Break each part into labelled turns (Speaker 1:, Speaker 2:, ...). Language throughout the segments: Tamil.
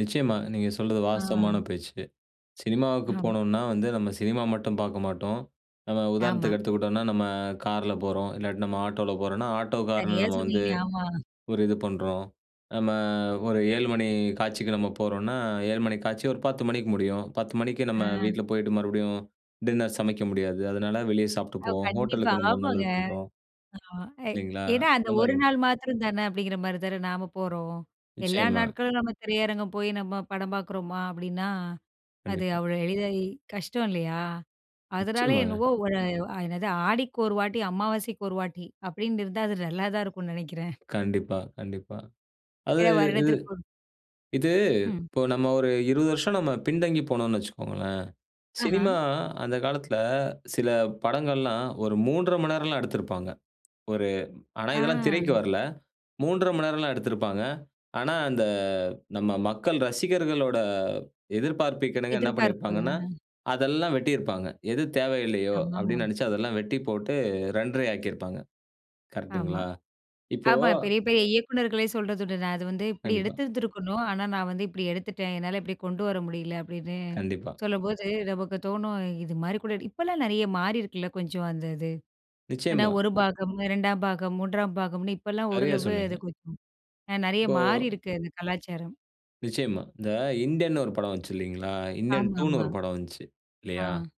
Speaker 1: நிச்சயமா. நீங்க சொல்றது
Speaker 2: ஆ.
Speaker 1: வாஸ்தவமான பேச்சு. சினிமாவுக்கு
Speaker 2: ஆம்.
Speaker 1: போனோன்னா வந்து நம்ம சினிமா மட்டும் பார்க்க மாட்டோம். நம்ம
Speaker 2: ஆமா.
Speaker 1: உதாரணத்துக்கு எடுத்துக்கிட்டோன்னா, நம்ம கார்ல போறோம். இல்லாட்டி நம்ம ஆட்டோல போறோன்னா, ஆட்டோக்காரன
Speaker 2: சரியா
Speaker 1: நம்ம வந்து,
Speaker 2: சொன்னீங்க. ஆமா.
Speaker 1: ஒரு இது பண்றோம். நம்ம ஒரு 7 மணி காட்சிக்கு நம்ம போறோன்னா, 7 மணி காட்சி ஒரு 10 மணிக்கு முடியும். 10 மணிக்கு நம்ம
Speaker 2: ஆ.
Speaker 1: வீட்ல போயிட்டு, மறுபடியும் டின்னர் சமைக்க முடியாது. அதனால வெளிய சாப்பிட்டு
Speaker 2: அவ்
Speaker 1: போவோம்.
Speaker 2: கண்டிப்பா,
Speaker 1: ஹோட்டலுக்கு நம்ம
Speaker 2: ஆமாங்க.
Speaker 1: நல்லது பண்றோம்.
Speaker 2: ஆமா, ஏ
Speaker 1: இல்லேங்களா!
Speaker 2: ஏன்னா அந்த
Speaker 1: அந்தமாரி
Speaker 2: ஒரு
Speaker 1: [unintelligible]
Speaker 2: நாள் மாத்திரம் தான அப்பிடிங்கிறமாரி தானே, நாம போறோம். எல்லா
Speaker 1: நிச்சயமா.
Speaker 2: நாட்களும் நம்ம திரையரங்கம் போய் நம்ம படம் பார்க்குறோமா? அப்பிடின்னா அது
Speaker 1: கண்டிப்பா.
Speaker 2: அவ்ளோ எளிதா கஷ்டம் இல்லயா! அதனால
Speaker 1: நிச்சயமாங்க.
Speaker 2: என்னமோ ஒரு அ என்னது "ஆடிக்கு ஒரு வாட்டி அமாவாசைக்கு ஒரு வாட்டி" அப்பிடின்னு இருந்தா அது நல்லா தான் இருக்குன்னு நினைக்கிறேன்.
Speaker 1: கண்டிப்பா, கண்டிப்பா. அது
Speaker 2: சில
Speaker 1: இது
Speaker 2: வருடத்திற்கு ஒரு
Speaker 1: இது
Speaker 2: ம்.
Speaker 1: இப்போ நம்ம ஒரு 20 வருஷம் நம்ம பின் தங்கி போனோன்னு வச்சுக்கோங்களேன்,
Speaker 2: ஆஹ!
Speaker 1: சினிமா அந்த காலத்தில சில படங்கள்லாம் ஒரு 3:30 மணி நேரம்லாம் எடுத்திருப்பாங்க. ஒரு ஆனா
Speaker 2: ஆ.
Speaker 1: இதெல்லாம் திரைக்கு வரல. 3:30 மணி நேரம்லாம் எடுத்திருப்பாங்க. ஆனா, அந்த நம்ம மக்கள் ரசிகர்களோட எதிர்பார்ப்புக்கிணங்க என்ன
Speaker 2: எதிர்பார்ப்பு, ஆ.
Speaker 1: பண்ணியிருப்பாங்கன்னா, அதெல்லாம் வெட்டியிருப்பாங்க. எது தேவையில்லயோ,
Speaker 2: ஆமா,
Speaker 1: அப்பிடின்னு
Speaker 2: ஆமா.
Speaker 1: நினைச்சு அதெல்லாம் வெட்டி போட்டு 2:30யா ஆக்கியிருப்பாங்க.
Speaker 2: ஆமா.
Speaker 1: கரெக்ட்டுங்களா? இப்போ
Speaker 2: ஆமா பெரிய, பெரிய இயக்குநர்களே சொல்றதுண்டு. "நான் அது வந்து இப்பிடி
Speaker 1: கண்டிப்பா.
Speaker 2: எடுத்துருந்துருக்கணும். ஆனா, நான் வந்து இப்பிடி எடுத்துட்டேன். என்னால இப்பிடி கொண்டு வர முடியல." அப்பிடின்னு
Speaker 1: கண்டிப்பா.
Speaker 2: சொல்லும்போது, நமக்கு தோணும், இதுமாரி கூட இப்பலாம் நிறைய மாறியிருக்குல்ல, கொஞ்சம் அந்த இது. ஏன்னா,
Speaker 1: நிச்சயமா.
Speaker 2: 1 பாகம், 2 பாகம், 3 பாகம்ன்னு இப்பல்லாம்
Speaker 1: சரியா,
Speaker 2: ஓரளவு
Speaker 1: சொன்னீங்க.
Speaker 2: அது கொஞ்சம் அ நெறைய
Speaker 1: இப்போ
Speaker 2: மாறியிருக்கு அது கலாச்சாரம்.
Speaker 1: நிச்சயமா. இந்த இந்தியன்னு ஒரு படம் வந்துச்சு இல்லேங்களா? இந்தியன்
Speaker 2: ஆமா,
Speaker 1: 2ன்னு
Speaker 2: ஆமா.
Speaker 1: ஒரு படம் வந்துச்சு. இல்லயா?
Speaker 2: ஆ.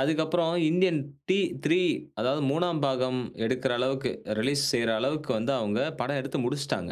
Speaker 1: அதுக்கு அப்புறம் இந்தியன் டி3 அதாவது 3 பாகம் எடுக்கிற அளவுக்கு ரிலீஸ் செய்யிற அளவுக்கு வந்து அவுங்க படம் எடுத்து முடிச்சுட்டாங்க.